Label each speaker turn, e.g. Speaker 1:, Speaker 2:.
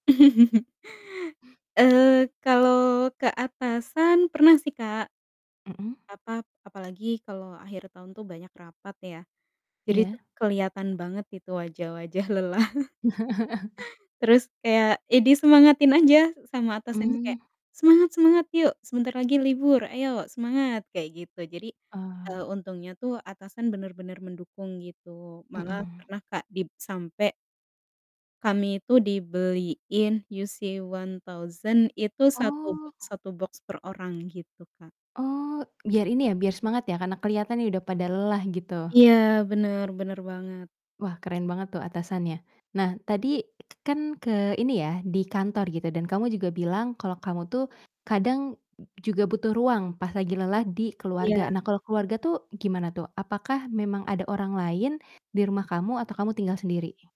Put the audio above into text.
Speaker 1: Eee, kalau ke atasan pernah sih, Kak.
Speaker 2: Mhm.
Speaker 1: Apa, apalagi kalau akhir tahun tuh banyak rapat ya. Jadi itu
Speaker 2: Iya.
Speaker 1: kelihatan banget itu wajah-wajah lelah. Terus kayak, ya disemangatin aja sama atasan tuh kayak,
Speaker 2: Mmm.
Speaker 1: "Semangat semangat! Yuk, sebentar lagi libur, ayo semangat!" Kayak gitu. Jadi,
Speaker 2: Ah.
Speaker 1: eee, untungnya tuh atasan bener-bener mendukung gitu, malah
Speaker 2: Mhm.
Speaker 1: pernah, Kak, dib sampai kami itu dibeliin UC-1000 itu satu
Speaker 2: Oh.
Speaker 1: boks satu boks per orang gitu, Kak.
Speaker 2: Oh, biar ini ya, biar semangat ya, karena kelihatannya udah pada lelah gitu?
Speaker 1: Iya, bener bener banget.
Speaker 2: Wah, keren banget tuh atasannya. Nah tadi kan ke ini ya, di kantor gitu dan kamu juga bilang kalau kamu tuh, kadang juga butuh ruang pas lagi lelah di keluarga.
Speaker 1: Iya.
Speaker 2: Nah kalau keluarga tuh gimana tuh? Apakah memang ada orang lain di rumah kamu atau kamu tinggal sendiri?